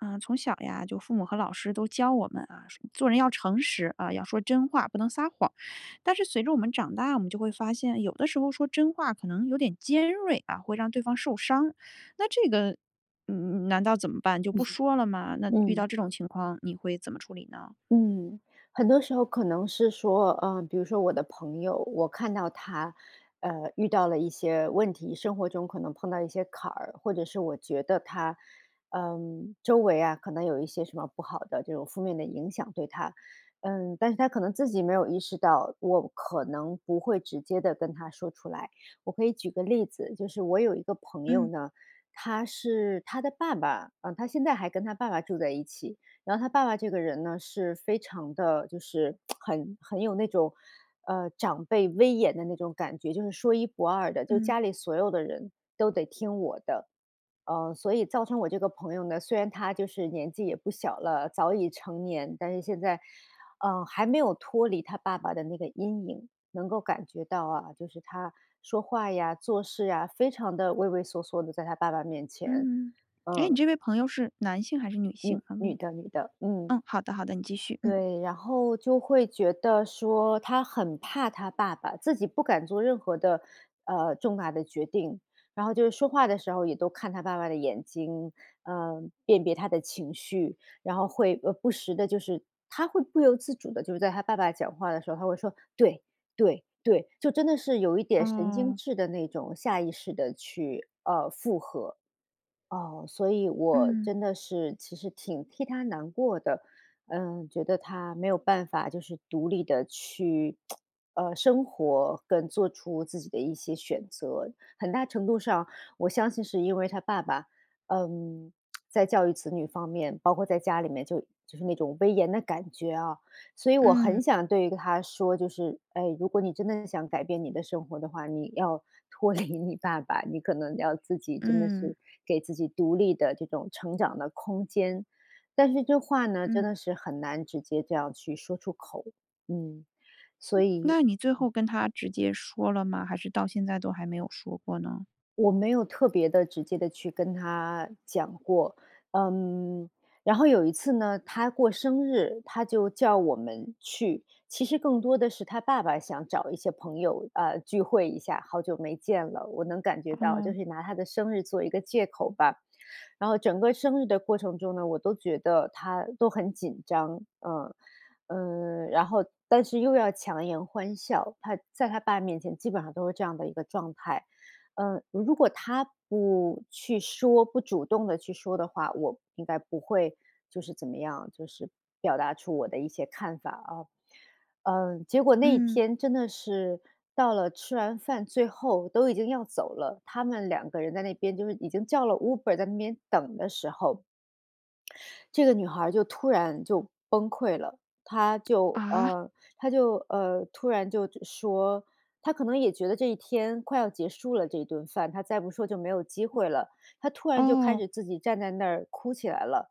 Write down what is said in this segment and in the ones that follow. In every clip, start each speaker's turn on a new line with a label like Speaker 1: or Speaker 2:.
Speaker 1: 呃，从小呀就父母和老师都教我们啊，说做人要诚实，啊，要说真话不能撒谎。但是随着我们长大，我们就会发现有的时候说真话可能有点尖锐啊，会让对方受伤。那这个嗯，难道怎么办就不说了 吗？那遇到
Speaker 2: 嗯。
Speaker 1: 这种情况你会怎么处理呢？
Speaker 2: 嗯，很多时候可能是说，呃，比如说我的朋友，我看到她呃，遇到了一些问题，生活中可能碰到一些坎儿，或者是我觉得她，嗯，周围啊，可能有一些什么不好的这种负面的影响，对她。嗯，但是她可能自己没有意识到，我可能不会直接地跟她说出来。我可以举个例子，就是我有一个朋友
Speaker 1: 嗯。
Speaker 2: 呢，她是她的爸爸，嗯，她现在还跟她爸爸住在一起，然后她爸爸这个人呢，是非常的就是 很很有那种呃，长辈威严的那种感觉，就是说一不二的。就
Speaker 1: 嗯。
Speaker 2: 家里所有的人都得听我的，呃，所以造成我这个朋友呢，虽然她就是年纪也不小了，早已成年。但是现在，呃，还没有脱离她爸爸的那个阴影，能够感觉到啊，就是她说话呀、做事啊，非常地畏畏缩缩的在她爸爸面前，
Speaker 1: 嗯，诶，你
Speaker 2: 嗯。
Speaker 1: 这位朋友是男性还是女性，
Speaker 2: 女
Speaker 1: 方
Speaker 2: 女
Speaker 1: 便
Speaker 2: 的女的，嗯。
Speaker 1: 问？嗯，好的，好的，你继续，嗯。
Speaker 2: 对，然后就会觉得说她很怕她爸爸，自己不敢做任何的呃，重大的决定。然后就是说话的时候也都看她爸爸的眼睛，呃，辨别他的情绪，然后会，呃，不时的就是她会不由自主的，就是在她爸爸讲话的时候，她会说：“对对对”，就真的是有一点神经
Speaker 1: 哦。
Speaker 2: 质的那种下意识的去呃，附合。啊，所以我
Speaker 1: 嗯。
Speaker 2: 真的是其实挺替她难过的，嗯，觉得她没有办法就是独立的去 呃，生活跟做出自己的一些选择。很大程度上，我相信是因为她爸爸，呃，在教育子女方面，包括在家里面就就是那种威严的感觉啊。所以我
Speaker 1: 嗯。
Speaker 2: 很想对于她说，就是：“哎，如果你真的很想改变你的生活的话，你要脱离你爸爸，你可能要自己真的
Speaker 1: 嗯。
Speaker 2: 是给自己独立的这种成长的空间。”但是这话呢，真
Speaker 1: 嗯。
Speaker 2: 的是很难直接这样去说出口，嗯，所
Speaker 1: 嗯，
Speaker 2: 以
Speaker 1: 那你最
Speaker 2: 嗯。
Speaker 1: 后跟她直接说了吗？还是到现在都还没有说过呢？
Speaker 2: 我没有特别地、直接地去跟她讲过，嗯，然后有一次呢，她过生日，她就叫我们去。其实更多的是她爸爸想找一些朋友，呃，聚会一下，好久没见了，我能感觉到就
Speaker 1: 嗯。
Speaker 2: 是拿她的生日做一个借口吧。然后整个生日的过程中呢，我都觉得她都很紧张，嗯，呃，然后但是又要强颜欢笑，她在她爸面前基本上都是这样的一个状态。嗯，如果她不去说不主动地去说的话，我应该不会就是怎么样，就是表达出我的一些看法啊。嗯，结果那一
Speaker 1: 嗯。
Speaker 2: 天真的是到了吃完饭最后都已经要走了，他们两个人在那边就是已经叫了 Uber 在那边等的时候。这个女孩儿就突然就崩溃了，她就
Speaker 1: 啊？
Speaker 2: 呃，她就呃，突然就说，她可能也觉得这一天快要结束了这一顿饭，她再不说就没有机会了。她突然就开
Speaker 1: 哦。
Speaker 2: 始自己站在那儿哭起来了，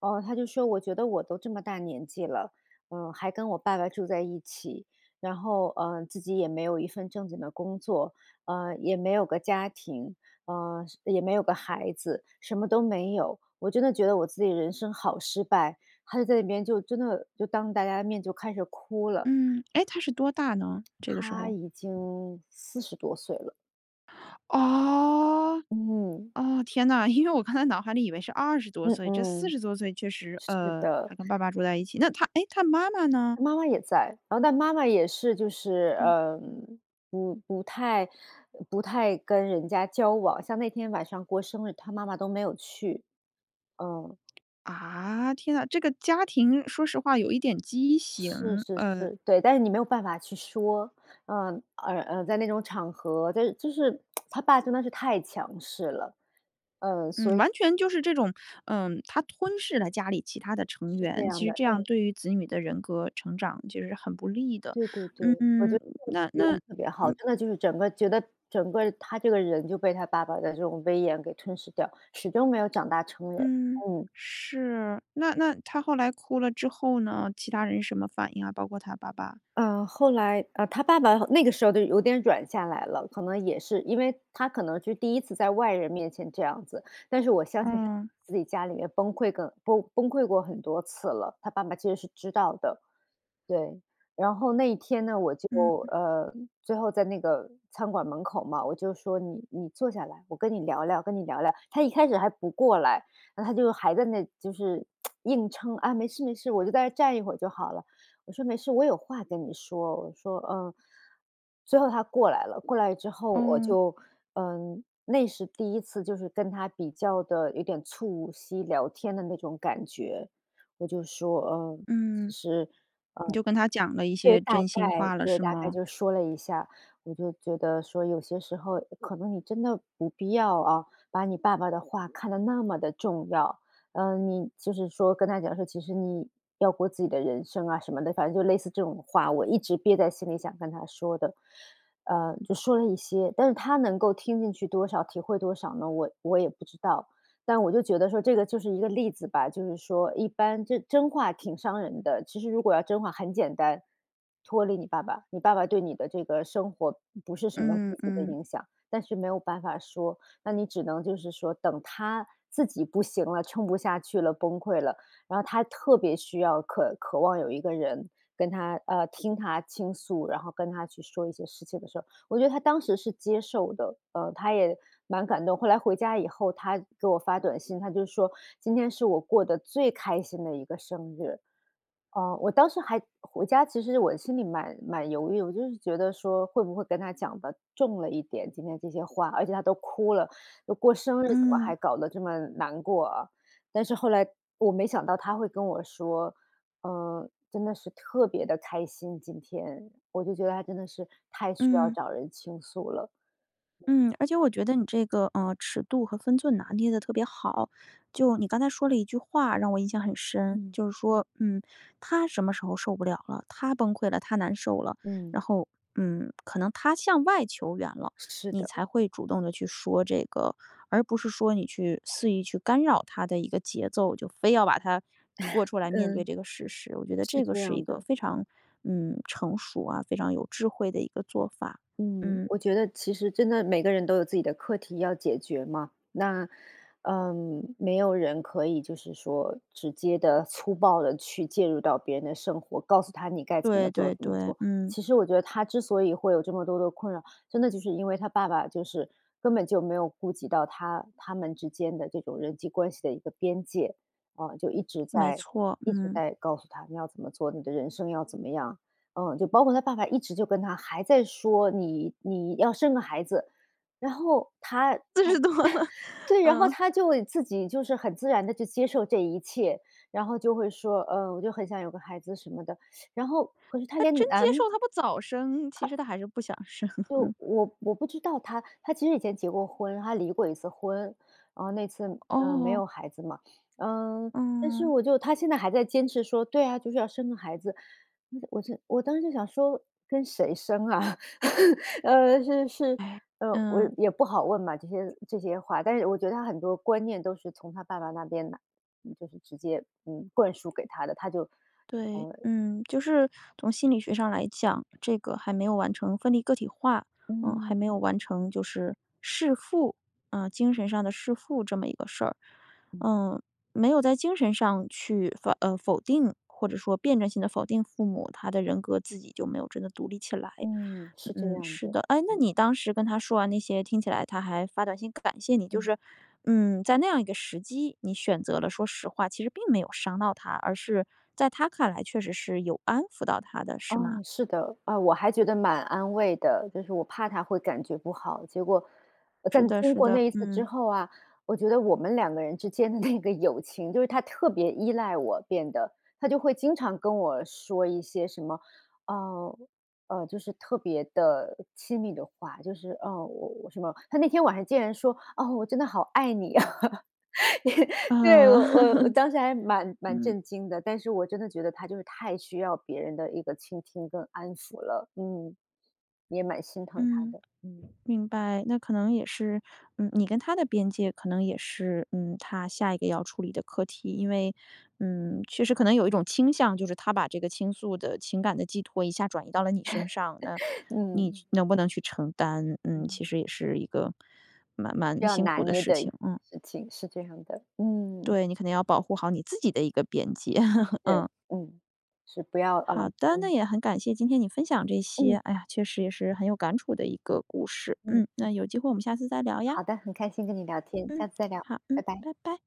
Speaker 2: 呃，她就说：“我觉得我都这么大年纪了，嗯，还跟我爸爸住在一起，然后，呃，自己也没有一份正经的工作，呃，也没有个家庭，呃，是也没有个孩子，什么都没有。我真的觉得我自己的人生好失败。”她就在那边就真的就当大家的面就开始哭了。
Speaker 1: 嗯，诶，她是多大呢，这个时
Speaker 2: 她
Speaker 1: 候？
Speaker 2: 已经40多岁了。
Speaker 1: 哦，
Speaker 2: 嗯。
Speaker 1: 哦，天呐，因为我刚才脑海里以为是20多
Speaker 2: 嗯
Speaker 1: 岁，这四
Speaker 2: 嗯，
Speaker 1: 十多岁确实
Speaker 2: 是
Speaker 1: 呃，
Speaker 2: 的。
Speaker 1: 还跟爸爸住在一起，那她，诶，她妈妈呢？
Speaker 2: 妈妈也在，然后但妈妈也是就是
Speaker 1: 嗯。
Speaker 2: 呃，不不太呃，不太跟人家交往，像那天晚上过生日，她妈妈都没有去，嗯。
Speaker 1: 啊，天呐，这个家庭说实话有一点畸形，
Speaker 2: 是是
Speaker 1: 呃。
Speaker 2: 是，对，但是你没有办法去说，呃，而啊，在那种场合，在这就是 她爸真的是太强势了，呃，
Speaker 1: 嗯，
Speaker 2: 所以
Speaker 1: 完全就是这种，嗯，他吞噬了家里其他的成
Speaker 2: 是这
Speaker 1: 员，
Speaker 2: 样
Speaker 1: 其实
Speaker 2: 的，
Speaker 1: 这样
Speaker 2: 哎。
Speaker 1: 对于子女的人格成长就是很不利的。
Speaker 2: 对对对，我觉
Speaker 1: 嗯，
Speaker 2: 得
Speaker 1: 那
Speaker 2: 这个你说
Speaker 1: 那，
Speaker 2: 得特别好，
Speaker 1: 嗯
Speaker 2: 真的就是整个觉得整个她这个人就被她爸爸的这种威严给吞噬掉，始终没有长大成人，
Speaker 1: 嗯，
Speaker 2: 嗯。
Speaker 1: 是，那那她后来哭了之后呢，其他人什么反应啊？包括她爸爸。
Speaker 2: 呃，后来，呃，她爸爸好那个时候都有点软下来了，可能也是因为她可能是第1次在外人面前这样子。但是我相信她
Speaker 1: 嗯。
Speaker 2: 自己家里面崩溃个崩崩溃过很多次了，她爸爸其实是知道的。对，然后那一天呢，我就
Speaker 1: 嗯嗯。
Speaker 2: 呃，最后在那个餐馆门口嘛，我就说：“你你坐下来，我跟你聊聊，跟你聊聊。她一开始还不过来，然后她就还在那就是 硬撑，“啊，没事没事，我就在那站一会儿就好了。”我说：“没事，我有话跟你说。”我说：“嗯。”最后她过来了，过来之后我
Speaker 1: 嗯。
Speaker 2: 就嗯，那是第1次就是跟她比较的有点促膝聊天的那种感觉。我就说呃，其
Speaker 1: 嗯，
Speaker 2: 实嗯，
Speaker 1: 你就跟她讲了一
Speaker 2: 对，
Speaker 1: 些
Speaker 2: 大
Speaker 1: 真
Speaker 2: 概
Speaker 1: 心话了
Speaker 2: 对，
Speaker 1: 是
Speaker 2: 大概
Speaker 1: 吗？
Speaker 2: 就说了一下，我就觉得说：“有些时候可能你真的不必要啊，把你爸爸的话看得那么的重要。”呃，你就是说跟她讲说，其实你要过自己的人生啊什么的，反正就类似这种话，我一直憋在心里想跟她说的。呃，就说了一些，但是她能够听进去多少体会多少呢？我我也不知道，但我就觉得说这个就是一个例子吧，就是说一般就是真话挺伤人的，其实如果要真话很简单，脱离你爸爸，你爸爸对你的这个生活不是什么
Speaker 1: 嗯，
Speaker 2: 积极的
Speaker 1: 嗯。
Speaker 2: 影响。但是没有办法说，那你只能就是说等她自己不行了，撑不下去了崩溃了，然后她特别需要渴渴望有一个人跟她呃，听她倾诉，然后跟她去说一些事情的时候。我觉得她当时是接受的，呃，她也蛮感动。后来回家以后，她给我发短信，她就说：“今天是我过得最开心的一个生日。”哦，我当时还回家其实我心里蛮蛮犹豫，我就是觉得说会不会跟她讲得重了一点，今天这些话，而且她都哭了，都过生日，怎么还
Speaker 1: 嗯。
Speaker 2: 搞得这么难过啊。但是后来我没想到她会跟我说，呃，真的是特别的开心今天，我就觉得她真的是太需要
Speaker 1: 嗯。
Speaker 2: 找人倾诉了。对。
Speaker 1: 嗯，而且我觉得你这个呃，尺度和分寸拿捏得特别好。就你刚才说了一句话让我印象很深，
Speaker 2: 嗯。
Speaker 1: 就是说嗯，她什么时候受不了了，她崩溃了她难受了
Speaker 2: 嗯。
Speaker 1: 然后嗯，可能她向外求援了，
Speaker 2: 是
Speaker 1: 你
Speaker 2: 的。
Speaker 1: 才会主动地去说这个。而不是说你去肆意去干扰她的一个节奏，就非要把她拖 出来面对
Speaker 2: 嗯，
Speaker 1: 这个事实。我觉得
Speaker 2: 是
Speaker 1: 这个
Speaker 2: 这
Speaker 1: 是一
Speaker 2: 样
Speaker 1: 个
Speaker 2: 的。
Speaker 1: 非常嗯，成熟啊，非常有智慧的一个做法。
Speaker 2: 嗯，
Speaker 1: 嗯。
Speaker 2: 我觉得其实真的每个人都有自己的课题要解决嘛。那嗯，没有人可以就是说直接地粗暴地去介入到别人的生活，告诉他你该怎么
Speaker 1: 对
Speaker 2: 做
Speaker 1: 对
Speaker 2: 怎么
Speaker 1: 对，
Speaker 2: 做。
Speaker 1: 嗯。
Speaker 2: 其实我觉得她之所以会有这么多的困扰，真的就是因为她爸爸就是根本就没有顾及到他他们之间的这种人际关系的一个边界。啊，就一直
Speaker 1: 没
Speaker 2: 在
Speaker 1: 错，
Speaker 2: 一直
Speaker 1: 嗯。
Speaker 2: 在告诉她，你要怎么做，你的人生要怎么样。嗯，就包括她爸爸一直就跟她还在说：“你你要生个孩子。”然后她她，
Speaker 1: 40多了，
Speaker 2: 对，然后
Speaker 1: 嗯。
Speaker 2: 她就自己就是很自然地就接受这一切，然后就会说：“呃，我就很想有个孩子什么的”，然后可是她
Speaker 1: 她
Speaker 2: 连
Speaker 1: 真接受
Speaker 2: 男
Speaker 1: 她不早生，其实
Speaker 2: 她
Speaker 1: 她还是不想生。
Speaker 2: 就我我不知道她，她其实以前结过婚，她离过一次婚。呃，那次，呃，没有
Speaker 1: 哦。
Speaker 2: 孩子嘛，呃，但是
Speaker 1: 嗯。
Speaker 2: 我就她现在还在坚持说：“对啊，就是要生个孩子。”我就我当时就想说跟谁生啊？呃，是是，
Speaker 1: 哎。
Speaker 2: 呃，我
Speaker 1: 嗯。
Speaker 2: 也不好问嘛，这些这些话，但是我觉得她很多观念都是从她爸爸那边来，就是直接，嗯灌输给她的，她就，
Speaker 1: 对，
Speaker 2: 呃
Speaker 1: 嗯，就是从心理学上来讲，这个还没有完成分离个体化。嗯，还
Speaker 2: 嗯。
Speaker 1: 没有完成就是弑父，呃，精神上的弑父这么一个事儿。
Speaker 2: 嗯。
Speaker 1: 呃，没有在精神上去否呃，否定，或者说辩证性地否定父母，她的人格自己就没有真的独立起来。
Speaker 2: 嗯，是这
Speaker 1: 嗯，
Speaker 2: 样
Speaker 1: 是
Speaker 2: 的，
Speaker 1: 的，哎，那
Speaker 2: 嗯。
Speaker 1: 你当时跟她说完那些，听起来她还发短信感谢你，就
Speaker 2: 嗯。
Speaker 1: 是，嗯，在那样一个时机，你选择了说实话，其实并没有伤到她，而是在她看来确实是有安抚到她的，是吗？
Speaker 2: 嗯，是的，啊，我还觉得蛮安慰的，就是我怕她会感觉不好，结果在
Speaker 1: 是
Speaker 2: 那
Speaker 1: 的
Speaker 2: 经
Speaker 1: 是
Speaker 2: 过
Speaker 1: 的，
Speaker 2: 那一次之
Speaker 1: 嗯。
Speaker 2: 后啊，我觉得我们两个人之间的那个友情就是她特别依赖我变得。她就会经常跟我说一些什么呃，呃，就是特别的亲密的话，就是哦，我我什么，她那天晚上竟然说：“哦，我真的好爱你啊。”对，我
Speaker 1: 呃，
Speaker 2: 我我当时还蛮 蛮
Speaker 1: 嗯。
Speaker 2: 震惊的，但是我真的觉得她就是太需要别人的一个倾听跟安抚了，嗯，也蛮心疼她
Speaker 1: 嗯，
Speaker 2: 的，嗯。
Speaker 1: 明白，那可能也是，嗯，你跟她的边界可能也是，嗯，她下一个要处理的课题。因为嗯，确实可能有一种倾向，就是她把这个倾诉的情感的寄托一下转移到了你身上，那 你
Speaker 2: 嗯。
Speaker 1: 能不能去承担？嗯，
Speaker 2: 嗯。
Speaker 1: 其实也是一个蛮
Speaker 2: 需
Speaker 1: 蛮
Speaker 2: 要
Speaker 1: 辛
Speaker 2: 拿
Speaker 1: 苦的
Speaker 2: 捏
Speaker 1: 事
Speaker 2: 的
Speaker 1: 情。嗯。
Speaker 2: 事情，是这样的。嗯。
Speaker 1: 对，你可能要保护好你自己的一个边界，
Speaker 2: 对，
Speaker 1: 嗯。
Speaker 2: 嗯，是不要啊
Speaker 1: 好的，那
Speaker 2: 嗯。
Speaker 1: 也很感谢今天你分享这些。
Speaker 2: 嗯。
Speaker 1: 哎呀，确实也是很有感触的一个故事。
Speaker 2: 嗯。
Speaker 1: 嗯，那有机会我们下次再聊呀。
Speaker 2: 好的，很开心跟你聊天，
Speaker 1: 嗯，
Speaker 2: 下次再聊，
Speaker 1: 好，
Speaker 2: 拜
Speaker 1: 嗯，
Speaker 2: 拜。
Speaker 1: 拜拜。